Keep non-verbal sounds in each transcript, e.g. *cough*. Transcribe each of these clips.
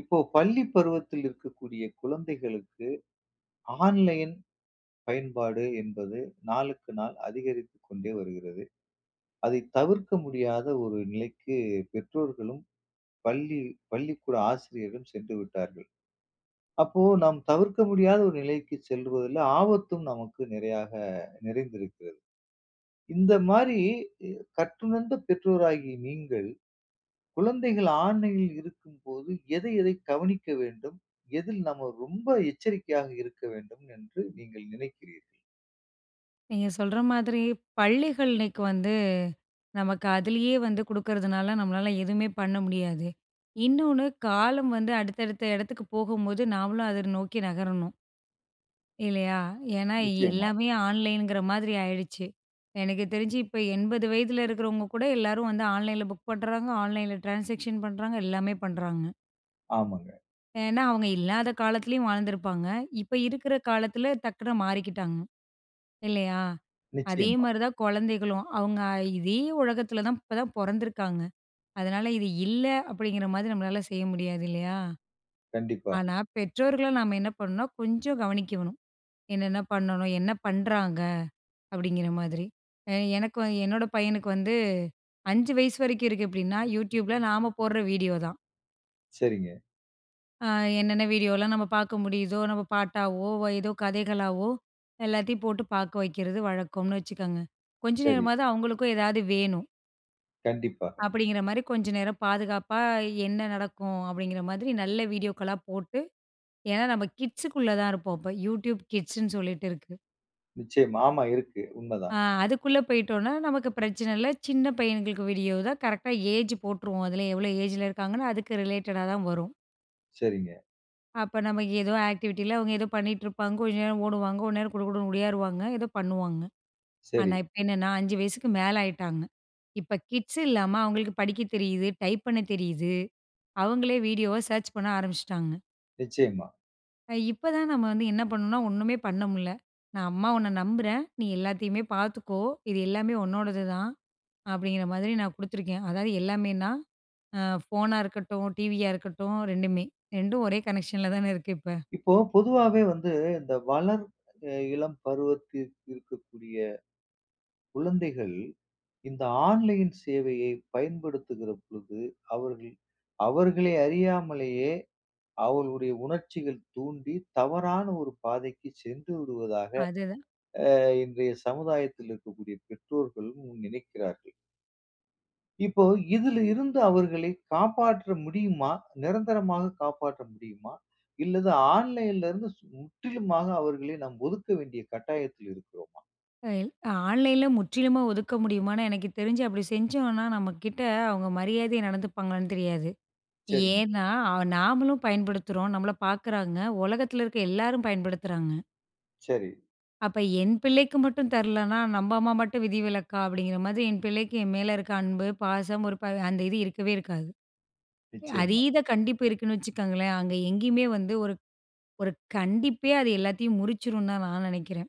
இப்போ பள்ளி பருவத்துல இருக்கக்கூடிய குழந்தைகளுக்கு, ஆன்லைன் பயன்பாடு என்பது நாளுக்கு நாள் அதிகரித்துக் கொண்டே வருகிறது. அதை தவிர்க்க முடியாத ஒரு நிலைக்கு பெற்றோர்களும், பள்ளி பள்ளிக்கூட ஆசிரியரும் சென்று விட்டார்கள். அப்போ நாம் தவிர்க்க முடியாத ஒரு நிலைக்கு செல்வதுல ஆபத்தும் நமக்கு நிறையாக நிறைந்திருக்கிறது. இந்த மாரி கற்றுணர்ந்த பெற்றோராகிய நீங்கள், குழந்தைகள் ஆன்லைனில் இருக்கும்போது எதை எதை கவனிக்க வேண்டும், எதில் நம்ம ரொம்ப எச்சரிக்கையாக இருக்க வேண்டும் என்று நீங்க நினைக்கிறீர்கள்? நீங்க சொல்ற மாதிரி பள்ளிகள் இன்னைக்கு வந்து, நமக்கு அதிலேயே வந்து குடுக்குறதனால நம்மளால எதுவுமே பண்ண முடியாது. இன்னொனு காலம் வந்து அடுத்த அடுத்த இடத்துக்கு போகும்போது நாமளும் அத நோக்கி நகரணும். இல்லையா? ஏன்னா நிச்சயமா. எல்லாமே ஆன்லைங்குற மாரி ஆயிடுச்சு. எனக்கு தெரிஞ்சு இப்ப 80 வயதில இருக்கிறவங்க கூட எல்லாரும் வந்து ஆன்லைன்ல புக் பண்றாங்க, ஆன்லைன்ல ட்ரான்சாக்ஷன் பண்றாங்க, எல்லாமே பண்றாங்க. ஆமாங்க. ஏன்னா, அவுங்க இல்லாத காலத்திலேயும் வாழ்ந்திருப்பாங்க. இப்ப இருக்கிற காலத்தில டக்குனு மாறிக்கிட்டாங்க, இல்லயா? நிச்சயமா. அதேமாரி தான் குழந்தைகளும். அவுங்க இதே உலகத்தில தான் இப்ப தான் பொறந்துருக்காங்க. அதனால இது இல்ல அப்படிங்கிற மாரி நம்மளால செய்ய முடியாது இல்லயா? கண்டிப்பா. ஆனா, பெற்றோர்கள நாம என்ன பண்ணணுனா, கொஞ்சம் கவனிக்க வேணும். என்னென்ன பண்ணணும் என்ன பண்றாங்க? அப்பிடிங்கிற மாதிரி. அ எனக்கு என்னோட பையனுக்கு வந்து. 5 வயசு வரைக்கும் இருக்கு அப்பிடின்னா, Youtubeல நாம போடுற வீடியோ தான். சரிங்க. அ என்னென்ன வீடியோலாம் நம்ம பார்க்க முடியுதோ! நம்ம பாட்டாவோ! ஏதோ கதைகளாவோ! எல்லாத்தையும் போட்டு பார்க்க வெக்கிறது வழக்கம்னு வச்சுக்கங்க. கொஞ்ச சரி. நேரமாவது அவுங்களுக்கும் ஏதாவது வேணும். கண்டிப்பாக. அப்பிடிங்கிறமாரி கொஞ்சம் நேரம் பாதுகாப்பா, என்ன நடக்கும் அப்பிடிங்கிறமாதிரி, நல்ல வீடியோக்களா போட்டு ஏன்னா நம்ம கிட்ஸுக்குள்ள தான் இருப்போம். அப்போ Youtbe கிட்ஸ்ன்னு சொல்லிட்டு இருக்கு. நிச்சயமா. ஆமா, இருக்கு. உண்ம அ. தான். அதுக்குள்ள போயிட்டோன்னா நமக்கு பிரச்சனை இல்ல. சின்ன பையன்களுக்கு வீடியோ தான் கரெக்ட்டா ஏஜ் போட்டுருவோம். அதிலே எவ்ளோ ஏஜ் ல இருக்காங்கன்னு, அதுக்கு ரிலேட்டடா தான் வரும். சரிங்க. அப்ப நமக்கு ஏதோ ஆக்டிவிட்டியில அவங்க ஏதோ பண்ணிட்டு இருப்பாங்க, கொஞ்ச நேரம் ஓடுவாங்க, கொஞ்ச நேரம் குடு குடுன்னு உடியாறுவாங்க, ஏதோ பண்ணுவாங்க. சரி. ஆனா இப்ப என்னனா, 5 வயசுக்கு மேல ஆயிட்டாங்க. இப்ப கிட்ஸ் இல்லாம அவங்களுக்கு படிக்க தெரியிது, டைப் பண்ண தெரியிது. அவங்களே வீடியோவ சர்ச் பண்ண ஆரம்பிச்சுட்டாங்க. நிச்சயமா. இப்ப தான் நம்ம வந்து என்ன பண்ணணும்னா, ஒண்ணுமே பண்ண முடில. நான் அம்மா உன்ன நம்புறேன், நீ எல்லாத்தையுமே பார்த்துக்கோ இது எல்லாமே உன்னோடது தான், அப்டிங்குற மாரி நான் குடுத்துருக்கேன். அதாவது எல்லாமேனா, ஆ ஃபோனா இருக்கட்டும், டிவியா இருக்கட்டும் 2. 2 ஒரே கனெக்ஷன்ல தானே இருக்கு இப்ப. இப்போ பொதுவாவே வந்து இந்த வளர் இளம் பருவத்தில் இருக்கக்கூடிய குழந்தைகள், இந்த ஆன்லைன் சேவையை பயன்படுத்துகிற பொழுது, அவர்கள் அவர்களை அறியாமலேயே அவர்களுடைய உணர்ச்சிகள் தூண்டி தவறான ஒரு பாதைக்குச் சென்று விடுவதாக, அதுதான். ஆ இன்றைய சமுதாயத்தில் இருக்கக்கூடிய பெற்றோர்களும் நினைக்கிறார்கள். இப்போ இதில் இருந்து அவர்களை காப்பாற்ற முடியுமா? நிரந்தரமாக காப்பாற்ற முடியுமா? இல்லது ஆன்லைன்ல இருந்து முற்றிலுமாக அவர்களை நம் ஒதுக்க வேண்டிய கட்டாயத்தில் இருக்கிறோமா? அ ஆன்லைனில முற்றிலுமே ஒதுக்க முடியுமான்னு எனக்கு தெரிஞ்சு அப்படி செஞ்சோம்னா நம்ம கிட்ட அவங்க மரியாதையை நடந்துப்பாங்களான்னு தெரியாது, சரிங்க. ஏன்னா நாமளும் பயன்படுத்துறோம். நம்மள பார்க்குறாங்க, உலகத்தில இருக்கிற எல்லோரும் பயன்படுத்துறாங்க. சரி. அப்ப என் பிள்ளைக்கு மட்டும் தரல்லைன்னா, "நம்ப அம்மா மட்டும் விதிவிலக்கா?" அப்படிங்கிற மாதிரி, என் பிள்ளைக்கு என் மேல இருக்கிற அன்பு, பாசம் ஒரு ப அந்த இது இருக்கவே இருக்காது. நிச்சயமா. அதீத கண்டிப்பு இருக்குன்னு வச்சுக்கோங்களேன், அங்கே எங்கேயுமே வந்து ஒரு ஒரு கண்டிப்பே அது எல்லாத்தையும் முறிச்சிடும் தான் நான் நினைக்கிறேன்.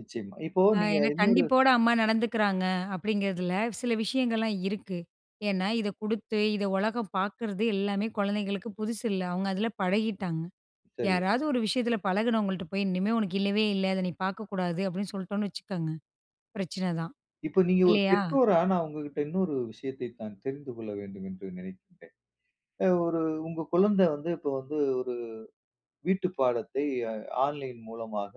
நிச்சயமா. இப்போ ஆ நீங்க ஏன்னா இன்னொரு கண்டிப்போட அம்மா நடந்துக்கிறாங்க அப்படிங்கிறதில, சில விஷயங்கள்லாம் இருக்கு. ஏன்னா இதை குடுத்து, இதை உலகம் பார்க்கிறது எல்லாமே குழந்தைகளுக்கு புதுசு இல்ல, அவங்க அதில பழகிட்டாங்க. சரி. யாராவது ஒரு விஷயத்தில பழகினவங்கள்ட்ட போய், "இனிமேல் உனக்கு இல்லவே இல்ல, அதை நீ பார்க்கக்கூடாது." அப்படின்னு சொல்லிட்டோம்ன்னு வச்சுக்கோங்க, பிரச்சனை தான். இப்போ நீங்க ஒரு இல்லையா? பெற்றோரா, நான் உங்ககிட்ட இன்னொரு விஷயத்தை நான் தெரிந்து கொள்ள வேண்டும் என்று நினைக்கின்றேன். அ ஒரு உங்க குழந்தை வந்து, இப்போ வந்து ஒரு வீட்டு பாடத்தை அ ஆன்லைன் மூலமாக,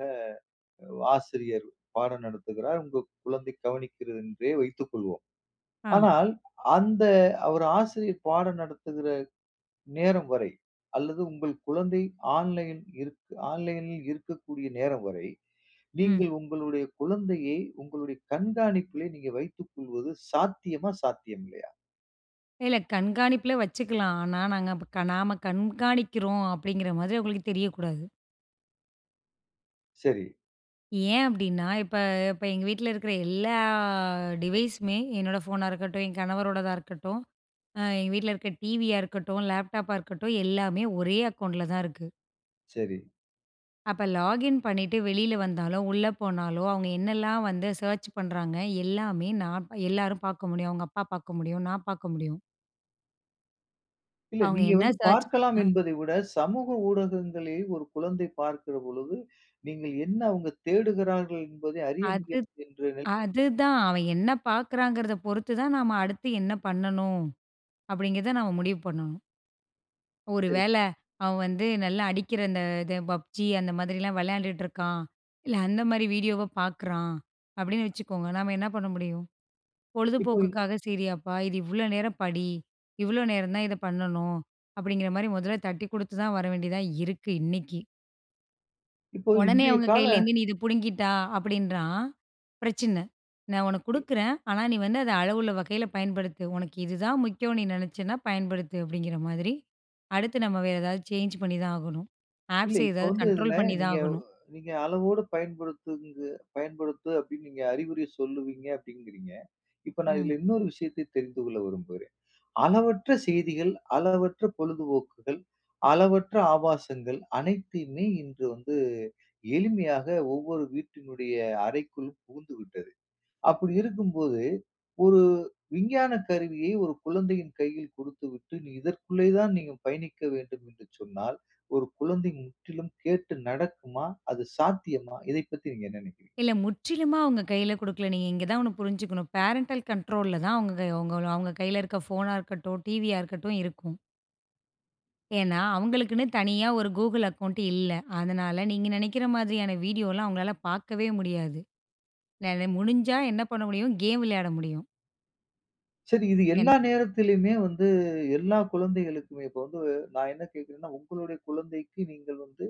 ஆசிரியர் பாடம் நடத்துகிறார், உங்கள் குழந்தை கவனிக்கிறது என்றே வைத்துக்கொள்வோம். ஆ. ஆனால் அந்த ஒரு ஆசிரியர் பாடம் நடத்துகிற நேரம் வரை, அல்லது உங்கள் குழந்தை ஆன்லைன் இருக் ஆன்லைனில் இருக்கக்கூடிய நேரம் வரை, ம். நீங்கள் உங்களுடைய குழந்தையை உங்களுடைய கண்காணிப்பிலே நீங்க வைத்துக்கொள்வது சாத்தியமா, சாத்தியம் இல்லையா? இல்ல. கண்காணிப்பில வச்சுக்கலாம். ஆனா, நாங்க அப்ப நாம கண்காணிக்கிறோம் அப்பிடிங்கிற மாதிரி அவுங்களுக்கு தெரியக்கூடாது! சரி. ஏன் அப்பிடின்னா, இப்ப இப்ப எங்க வீட்ல இருக்கிற எல்லா டிவைஸுமே என்னோட ஃபோனா இருக்கட்டும், என் கணவரோடதா இருக்கட்டும், அ எங்க வீட்ல இருக்க டிவியா இருக்கட்டும், லேப்டாப்பா இருக்கட்டும். எல்லாமே ஒரே அக்கௌண்ட்ல தான் இருக்கு. சரி. அப்ப லாகின் பண்ணிட்டு வெளில வந்தாலோ, உள்ள போனாலோ அவுங்க என்னலாம் வந்து சர்ச் பண்றாங்க, எல்லாமே நான் எல்லாரும் பார்க்க முடியும். அவுங்க அப்பா பார்க்க முடியும். நான் பார்க்க முடியும். இல்ல. அவுங்க நீங்க என்ன வந்து சர்ச் பார்க்கலாம் அ. என்பதை விட, சமூக ஊடகங்களை ஒரு குழந்தை பார்க்கிற பொழுது, நீங்க என்ன அவுங்க தேடுகிறார்கள் என்பதை அறிய அது முடியாது என்ற நிலையில் அதுதான் அவன் என்ன பார்க்கிறாங்கிறதப் பொறுத்து தான் நாம அடுத்து என்ன பண்ணணும்? அப்பிடிங்கிறத நாம முடிவு பண்ணனும். ஒரு சரி. வேள, அவன் வந்து நல்லா அடிக்கிற, அந்த இது பப்ஜி அந்த மாதிரிலாம் விளையாண்டுட்டு இருக்கான். இல்ல அந்தமாரி வீடியோவ பார்க்குறான். அப்பிடின்னு வச்சுக்கோங்க, நம்ம என்ன பண்ண முடியும்? இப்போ பொழுதுபோக்குக்காக செய்றீயாப்பா, இது இவ்ளோ நேரம் படி. இவ்ளோ நேரம் தான் இத பண்ணணும். அப்பிடிங்கிறமாரி மொதல்ல தட்டிக் கொடுத்துதான் வர வேண்டியதா இருக்கு, இன்னக்கி! இப்போ உடனே இன்றைய அவங்க கால கையிலருந்து "நீ இது புடுங்கிட்டா" அப்டின்றான், பிரச்சன. "நான் உனக்கு இ குடுக்குறேன், ஆனா நீ வந்து அத அளவுள்ள வகைல பயன்படுத்து. "உனக்கு இது தான் முக்கியம்ன்னு நீ நெனைச்சின்னா, பயன்படுத்து" அப்டிங்கிற மாதிரி. அடுத்து நம்ம வேற ஏதாவது சேஞ்ச் பண்ணி தான் ஆகணும். இல்ல. ஆப்ஸ் இப்ப ஏதாவது வந்து இதுல கண்ட்ரோல் பண்ணி தான் நீங்க வ் ஆகணும். நீங்க அளவோடு பயன்படுத்துங்க பயன்படுத்து அப்டின்னு நீங்க அறிவுரை சொல்லுவீங்க அப்டிங்கிறீங்க. இப்ப நான் ம். இதுல இன்னொரு விஷயத்தை தெரிந்து கொள்ள விரும்புகிறேன். அளவற்ற செய்திகள், அளவற்ற பொழுதுபோக்குகள், அளவற்ற ஆபாசங்கள் அனைத்தையுமே இன்று வந்து எளிமையாக, ஒவ்வொரு வீட்டினுடைய அறைக்குள் புகுந்துவிட்டது. அப்டி இருக்கும்போது, ஒரு விஞ்ஞானக் கருவியை, ஒரு குழந்தையின் கையில் கொடுத்துவிட்டு, நீ இதற்குள்ளே தான் நீ பயணிக்க வேண்டும் என்று சொன்னால், ஒரு குழந்தை முற்றிலும் கேட்டு நடக்குமா? அது சாத்தியமா? இதை பத்தி நீங்க என்ன நெனைக்கிறீங்க? இல்ல. முற்றிலுமா அவங்க கைல கொடுக்கல. நீங்க இங்க தான் ஒண்ணு புரிஞ்சுக்கனும். பேரெண்டல் கண்ட்ரோல்ல தான் அவங்க அவங்க கைல இருக்க ஃபோனா இருக்கட்டும், டிவியா இருக்கட்டும். இருக்கும். ஏனா அவர்களுக்குனு தனியா ஒரு கூகிள் அக்கவுண்ட் இல்ல. அதனால நீங்க நெனைக்கிற மாதிரியான வீடியோல்லாம், அவங்களால பார்க்கவே முடியாது. நெல முடிஞ்சா என்ன பண்ண முடியும் கேம் விளையாட முடியும். சரி இது என் எல்லா நேரத்திலயுமே வந்து, எல்லா குழந்தைகளுக்குமே இப்ப வந்து நான் என்ன கேக்கிறேன்னா, உங்களுடைய குழந்தைக்கு நீங்கள் வந்து,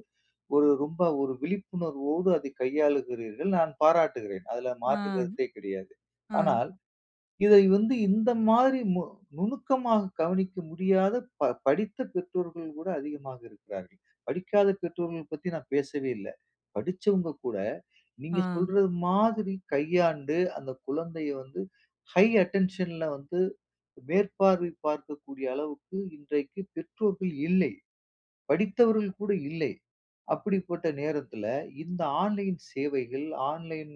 ஒரு ரொம்ப ஒரு விழிப்புணர்வோடு அதை கையாளுகிறீர்கள், நான் பாராட்டுகிறேன். அதுல ஆ, மாற்று கருத்தே கிடையாது. ஆ. ஆனால், இதை வந்து இந்த மாதிரி மு நுணுக்கமாக கவனிக்க முடியாத ப படித்த பெற்றோர்கள் கூட, அதிகமாக இருக்கிறார்கள். படிக்காத பெற்றோர்கள் பத்தி நான் பேசவே இல்ல. படிச்சவங்க கூட, ஆ. நீங்க சொல்றது மாதிரி கையாண்டு, அந்த குழந்தைய வந்து ஹை அட்டென்ஷன்ல வந்து மேற்பார்வை பார்க்கக்கூடிய அளவுக்கு இன்றைக்கு பெற்றோர்கள் இல்லை. படித்தவர்கள் கூட இல்லை. அப்படிப்பட்ட நேரத்துல இந்த ஆன்லைன் சேவைகள், ஆன்லைன்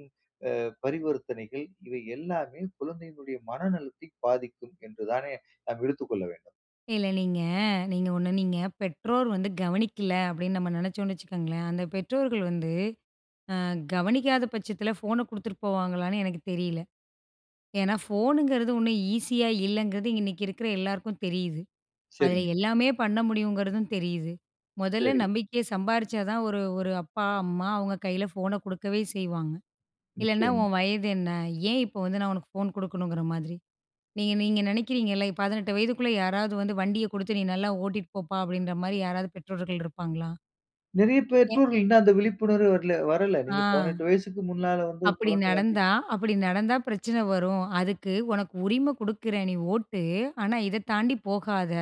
அ பரிவர்த்தனைகள் இவை எல்லாமே குழந்தையினுடைய மனநலத்தை பாதிக்கும் என்றுதானே நம்ம எடுத்துக் கொள்ள வேண்டும். இல்ல நீங்க நீங்க ஒண்ணு நீங்க பெற்றோர் வந்து கவனிக்கல்ல அப்டின்னு நம்ம நெனச்சோம்னு வச்சுக்கோங்களேன், அந்த பெற்றோர்கள் வந்து ஆ கவனிக்காத பட்சத்ல ஃபோன குடுத்துட்டு போவாங்களான்னு எனக்குத் தெரியல. ஏன்னா ஃபோனுங்றது ஓண்ணும் ஈஸியாக இல்லங்றது, இன்னைக்கி இருக்குற எல்லாருக்கும் தெரியுது. அதுல சரிங்க. எல்லாமே பண்ண முடியுங்றதும் தெரியுது. மொதல்ல சரி. நம்பிக்கைய சம்பாரிச்சா தான், ஒரு ஒரு அப்பா அம்மா அவங்க கையில ஃபோன குடுக்கவே செய்வாங்க. இல்லைனா நிச்சயமா. உன் வயது என்ன? ஏன் இப்போ வந்து நான் உனக்கு ஃபோன் குடுக்கணுங்ற மாதிரி. நீங்க நீங்க நெனைக்கிறீங்கல்ல 18 வயதுக்குள்ள யாராவது வந்து வண்டிய குடுத்து நீ நல்லா ஓட்டிட்டு போப்பா, அப்டின்ற மாதிரி யாராவது பெற்றோர்கள் இருப்பாங்களா? நிறைய என். பெற்றோர்கள் இன்னும் அந்த விழிப்புணர்வு வரல, வரல. ஆ. நீங்க 18 வயசுக்கு முன்னால வந்து அப்படி குழந்தை வந்து நடந்தா அப்படி நடந்தா பிரச்சன வரும். அதுக்கு உனக்கு உரிமை கொடுக்கிறேன் நீ ஓட்டு, ஆனா இத தாண்டி போகாத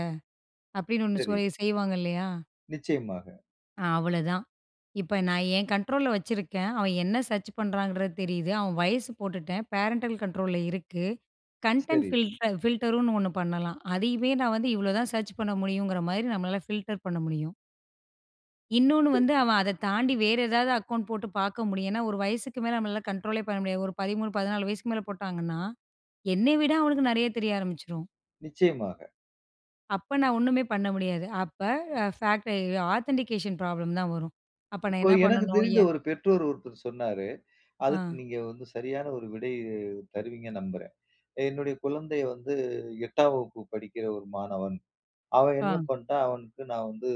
அப்படின்னு ஒண்ணு சரி. சொல் செய்வாங்க இல்லையா? நிச்சயமாக. ஆ அவ்வளோதான், இப்போ நான் என் கண்ட்ரோலில வச்சிருக்கேன், அவன் என்ன சர்ச் பண்ணுறாங்க தெரியுது, அவன் வயசு போட்டுட்டேன், பேரன்டல் கண்ட்ரோலில இருக்கு, கன்டென்ட் சரி. ஃபில் ஃபில்டர்ன்னு ஒண்ணு பண்ணலாம், அதையுமே நான் வந்து இவ்வளோ தான் சர்ச் பண்ண முடியுங்கிற மாதிரி நம்மளால ஃபில்டர் பண்ண முடியும். இன்னொன்னு சரி. வந்து அவன் அதைத் தாண்டி வேறு ஏதாவது அக்கவுண்ட் போட்டு பார்க்க முடியும், ஏனா ஒரு வயசுக்கு மேல நம்மால கண்ட்ரோல்லே பண்ண முடியாது, ஒரு 13 14 வயசிக்கு மேல போட்டாங்கனா, என்னை விட அவனுக்கு நிறைய தெரிய ஆரம்பிச்சிடும். நிச்சயமாக. அப்போ நான் ஒண்ணுமே பண்ண முடியாது, அப்போ ஃபாக்டரி ஆதென்டிகேஷன் ப்ராப்ளம் தான் வரும், அப்போ நான் இப்போ என்ன எனக்கு பண்ணணும்? தெரிந்த ஏன் ஒரு பெற்றோர் ஒருத்தர் சொன்னாரு, அதுக்கு ஆ. நீங்க வந்து சரியான ஒரு விடை தருவீங்கனு நம்புறேன். என்னுடைய குழந்தையை வந்து 8 ஆம் வகுப்பு படிக்கிற ஒரு மாணவன். அவன் என்ன ஆ. பண்ட்டான், அவனுக்கு நான் வந்து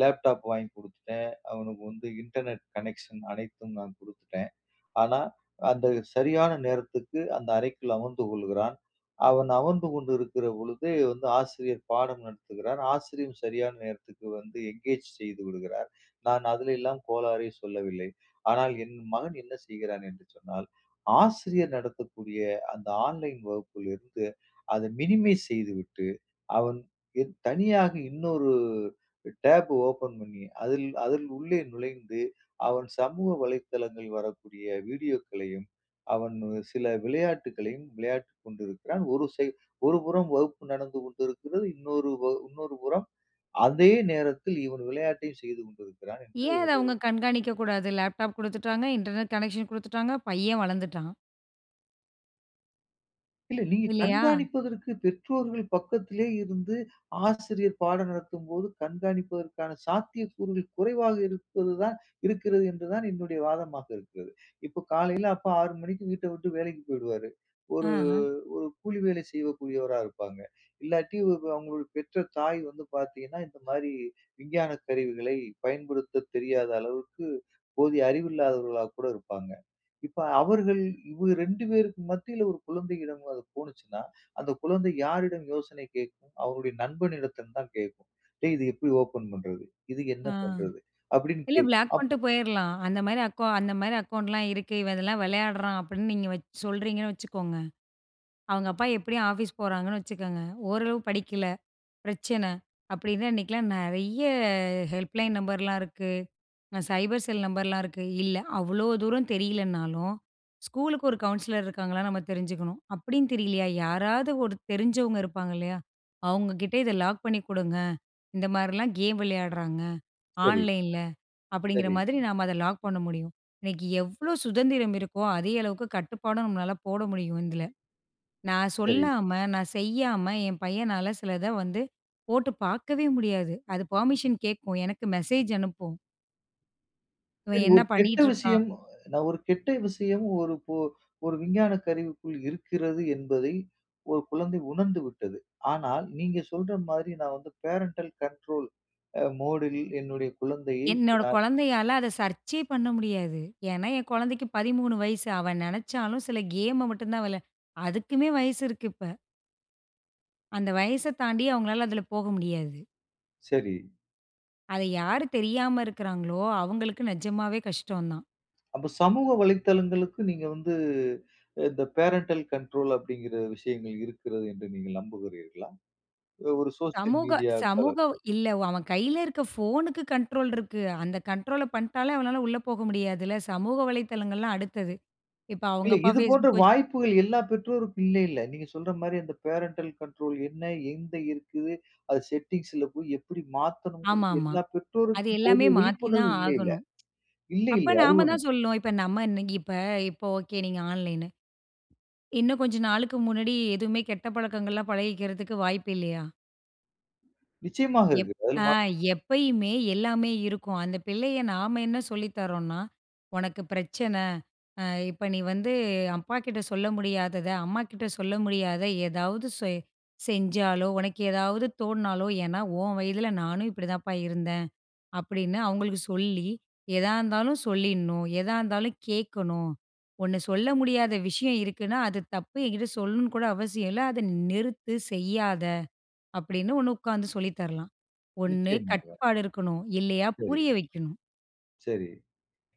லேப்டாப் வாங்கி கொடுத்துட்டேன். அவனுக்கு வந்து இன்டர்நெட் கனெக்ஷன் அனைத்தும் நான் கொடுத்துட்டேன். ஆனா, அந்த சரியான நேரத்துக்கு அந்த அறைக்குள் அமர்ந்து கொள்கிறான். அவன் அமர்ந்து கொண்டிருக்கிற பொழுது வந்து ஆசிரியர் பாடம் நடத்துகிறார், ஆசிரியரும் சரியான நேரத்துக்கு வந்து என்கேஜ் செய்து விடுகிறார், நான் அதிலெல்லாம் கோளாறே சொல்லவில்லை. ஆனால், என் மகன் என்ன செய்கிறான்? என்று சொன்னால், ஆசிரியர் நடத்தக்கூடிய அந்த ஆன்லைன் வகுப்பிலிருந்து அதை மினிமைஸ் செய்துவிட்டு, அவன் தனியாக இன்னொரு டேப் ஓப்பன் பண்ணி அதில் அதில் உள்ளே நுழைந்து, அவன் சமூக வலைத்தளங்கள் வரக்கூடிய வீடியோக்களையும், அவன் சில விளையாட்டுக்களையும் விளையாட்டுக் கொண்டிருக்கிறான், ஒரு சைட் ஒரு புறம் வகுப்பு நடந்து கொண்டிருக்கிறது, இன்னொரு இன்னொரு புறம் அதே நேரத்தில் இவன் விளையாட்டையும் செய்து கொண்டிருக்கிறான் என்று ஏன் அத ஒரு அவங்க கண்காணிக்கக்கூடாது? லேப்டாப் கொடுத்துட்டாங்க, இன்டர்நெட் கனெக்ஷன் கொடுத்துட்டாங்க, பையன் வளர்ந்துட்டான். இல்ல நீங்க இல்லையா? கண்காணிப்பதற்கு பெற்றோர்கள் பக்கத்திலே இருந்து, ஆசிரியர் பாடம் நடத்தும்போது கண்காணிப்பதற்கான சாத்தியக்கூறுகள் குறைவாக இருப்பது தான் இருக்கிறது என்று தான் என்னுடைய வாதமாக இருக்கிறது. இப்போ காலையில அப்பா 6 மணிக்கு வீட்டை விட்டு வேலைக்கு போயிடுவாரு, ஒரு ஆஹ. ஒரு கூலி வேலை செய்யக்கூடியவராக இருப்பாங்க. இல்லாட்டி அவங்களோட பெற்ற தாய் வந்து பார்த்தீங்கன்னா இந்த மாதிரி விஞ்ஞானக் கருவிகளை பயன்படுத்த தெரியாத அளவுக்கு போதிய அறிவு இல்லாதவர்களா கூட இருப்பாங்க. இப்போ அவர்கள் இவங்க 2 பேருக்கு மத்தியில் ஒரு குழந்தையிடம் போனுச்சின்னா, அந்த குழந்தை யாரிடம் யோசனை கேட்கும்? அவர்களுடைய நண்பனிடத்தில் தான் கேட்கும். டேய் இது எப்படி ஓப்பன் பண்றது? இது என்ன ஆ பண்றது? அப்படின்னு இல்ல கேட்கும். ப்ளாக் பண்ட்டு அப்போ போயிடலாம் ,அந்த மாதிரி அக்கோ அந்த மாதிரி அக்கௌண்ட்லாம் இருக்கு, இவன் இதெல்லாம் விளையாட்றான் அப்படின்னு நீங்க வச் சொல்கிறீங்கன்னு வச்சுக்கோங்க, அவங்க அப்பா எப்படியும் ஆஃபீஸ் போறாங்கன்னு வச்சுக்கோங்க, ஓரளவு படிக்கல, பிரச்சனை, அப்படின்னு அன்னைக்குலாம் நிறைய ஹெல்ப்லைன் நம்பர்லாம் இருக்கு, சைபர் செல் நம்பர்லாம் இருக்கு, இல்ல அவ்வளோ தூரம் தெரியலைனாலும், ஸ்கூலுக்கு ஒரு கவுன்சிலர் இருக்காங்களா நம்ம தெரிஞ்சுக்கணும், அப்படின்னு தெரியலையா, யாராவது ஒரு தெரிஞ்சவங்க இருப்பாங்க இல்லையா? அவங்க கிட்ட இதை லாக் பண்ணி கொடுங்க, இந்த மாதிரிலாம் கேம் விளையாடுறாங்க சரி. ஆன்லைனில, அப்படிங்கிற சரி. மாதிரி நாம் அதை லாக் பண்ண முடியும், இன்னைக்கு எவ்வளோ சுதந்திரம் இருக்கோ, அதே அளவுக்கு கட்டுப்பாடும் நம்மளால போட முடியும் இதில, நான் சரி. சொல்லாம, நான் செய்யாம, என் பையனால சிலத வந்து போட்டு பார்க்கவே முடியாது. அது பெர்மிஷன் கேட்கும், எனக்கு மெசேஜ் அனுப்பும். இவன் சரி, என்ன ஒரு கெட்ட பண்ணிட்டு இருக்கான்? விஷயம். நான் ஒரு கெட்ட விஷயம் ஒரு ஒரு ஒரு விஞ்ஞான கருவிக்குள் இருக்கிறது, என்பதை ஒரு குழந்தை உணர்ந்து விட்டது. ஆனால் நீங்க சொல்ற மாதிரி நான் வந்து பேரண்டல் கண்ட்ரோல் அ மோட்யில் என்னுடைய குழந்தையை என்னோட அ குழந்தையால அதை சர்ச்யே பண்ண முடியாது. ஏனா, என் குழந்தைக்கு 13 வயசு. அவ நினைச்சாலும் சில கேம்ம மட்டும் தான் விளையாட அதுக்குமே வயசு இருக்கு இப்ப. அந்த வயச தாண்டி அவங்களால அதில போக முடியாது. சரி. அத யாரு தெரியாம இருக்கிறாங்களோ, அவங்களுக்கு நிஜமாவே கஷ்டம் தான். அப்போ சமூக வலைத்தளங்களுக்கு நீங்க வந்து இந்த பேரண்டல் கண்ட்ரோல் அப்டிங்கிற விஷயங்கள் இருக்கிறது என்று நீங்க நம்புகிறீர்களா? ஒரு சோஷியல் சமூக மீடியா தலம். சமூகம் இல்ல, அவன் கையில இருக்கிற போன்க்கு கண்ட்ரோல் இருக்கு. அந்த கண்ட்ரோல்ல பண்டாலே அவளால உள்ள போக முடியாதில. சமூக வலைதளங்கள் எல்லாம் அடுத்தது. இப்போ அவங்க இல்ல, அப்பா இது போன்ற Facebook வெ வாய்ப்புகள் எல்லா பெற்றோருக்கும் இல்லை இல்ல. நீங்க சொல்ற மாரி அந்த பேரண்டல் கண்ட்ரோல் என்ன? எங்க இருக்குது? அது செட்டிங்ஸ்ல போய் எப்படி ஆமா, மாத்தணும்ங்கறது ஆமா. எல்லா அது பெற்றோருக்கும் எல்லாமே போதிய மாத்தி விழிப்புணர்வு தான் இல்லை இல்ல? ஆகணும். இல்ல, அப்ப, இல்ல *tsk* அது நாம ஒண்ணு. தான் சொல்லணும். இப்ப நம்ம என்னைக்கு இப்ப, இப்ப ஓகே நீங்க ஆன்லைன். இன்னும் கொஞ்ச நாளுக்கு முன்னாடி எதுவுமே கெட்ட பழக்கங்கள்லாம் பழகிக்கிறதுக்கு வாய்ப்பு இல்லையா? நிச்சயமாக எப் இருக்கு அதுல ஆ மா எப்பயுமே எல்லாமே இருக்கும். அந்த பிள்ளைய நாம என்ன சொல்லி தர்றோன்னா, உனக்கு பிரச்சனை ஆ இப்ப நீ வந்து அப்பாக்கிட்ட சொல்ல முடியாதத, அம்மாக்கிட்ட சொல்ல முடியாதத ஏதாவது செய் செஞ்சாலோ, உனக்கு ஏதாவது தோன்னாலோ, ஏன்னா உன் வயதில நானும் இப்டி தாப்பா இருந்தேன். அப்டினு அவங்களுக்கு சொல்லி, எதா இருந்தாலும் சொல்லிர்ணும், எதா இருந்தாலும் கேக்கணும். ஒண்ணு சொல்ல முடியாத விஷயம் இருக்குன்னா அது தப்பு என்கிட்ட சொல்லணும்னு கூட அவசியம் இல்ல, அத நிறுத்து செய்யாதே. அப்டினு ஒண்ணு உக்கார்ந்து சொல்லி தரலாம். ஒண்ணு நிச்சயமாக. கட்டுப்பாடு இருக்கணும். இல்லயா புரிய சரி. வைக்கணும். சரி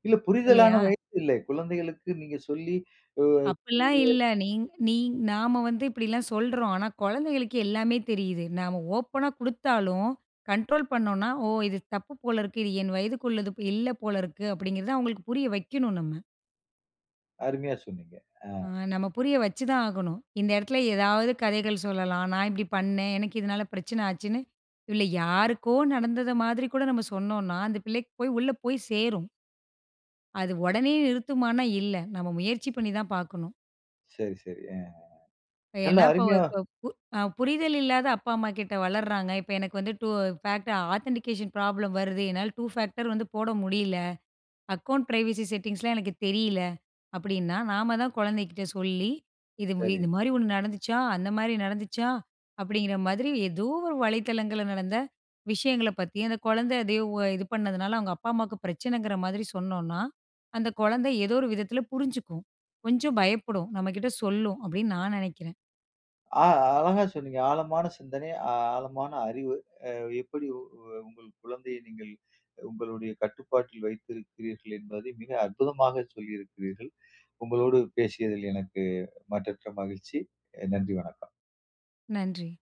இல்ல புரிதலான இல்லையா? வயது இல்லை குழந்தைகளுக்கு நீங்க சொல்லி அ அப்டில்லாம் *unintelligible* இல்ல. நீ நீ நாம வந்து இப்டில்லாம் சொல்றோம். ஆனா கொழந்தைகளுக்கு எல்லாமே தெரியுது. நாம ஓப்பனா குடுத்தாலும் கண்ட்ரோல் பண்னோம்னா, ஓ இது தப்பு போலருக்கு, இது என் வயதுக்கு உள்ளது இல்ல போலருக்கு, அப்டின்றத அவங்களுக்கு புரிய வைக்கனும் நம்ம. அருமையா சொன்னீங்க ஆ அ. நம்ம புரிய வச்சு தான் ஆகணும். இந்த எடத்ல ஏதாவது கதைகள் சொல்லலாம், நான் இப்டி பண்னேன் எனக்கு இதனால பிரச்சனை ஆச்சுன்னு, இதுல யாருக்கோ நடந்தது மாதிரி கூட, நாம் சொன்னோன்னா அந்த பிள்ளைக்கு போய் உள்ள போய் சேரும். அது ஓடனே நிறுத்துமான்னா இல்ல. நம்ம முயற்சி பண்ணி தான் பார்க்கணும். சரி சரி அ. நல்ல என்ன இப்ப அருமையா ப புரிதல் இல்லாத அப்பா அம்மாகிட்ட வளர்றாங்க, இப்ப எனக்கு வந்து டூ ஃபேக்ட் ஆதன்டிகேஷன் ப்ராப்ளம் வருது என்னால் டூ ஃபேக்டர் வந்து போட முடியல, அக்கௌண்ட் பிரைவசி செட்டிங்ஸ்லாம் எனக்கு தெரியல அப்டின்னா, நாம தான் கொழந்தைகிட்ட சொல்லி, "இது சரி. இது மாதிரி ஒண்ணு நட நடந்துச்சா, அந்த மாதிரி நடந்துச்சா," அப்டின்ன்ற மாரி ஏதோ ஒரு வலைத்தளங்கள்ல நடந்த விஷயங்களப் பத்தி அந்த கொழந்தை அத இது பண்ணதுனால அவங்க அப்பா அம்மாக்கு பிரச்சனைன்கிற மாரி சொன்னோம்னா, அந்த கொழந்த ஏதோ ஒரு விதத்ல புரிஞ்சுக்கும். கொஞ்சம் பயப்படும், நம்மக்கிட்ட சொல்லும். அப்டினு நான் நெனைக்கிறேன். அ அழகா சொன்னீங்க. ஆழமான சிந்தனை, ஆழமான அறிவு அ எப்டி உங்கள் குழந்தையை, நீங்கள் உங்களுடைய கட்டுப்பாட்டில் வைத்திருக்கிறீர்கள் என்பதை மிக அற்புதமாக சொல்லியிருக்கிறீர்கள். உங்களோடு பேசியதில் எனக்கு மற்றற்ற மகிழ்ச்சி. அ நன்றி வணக்கம். நன்றி.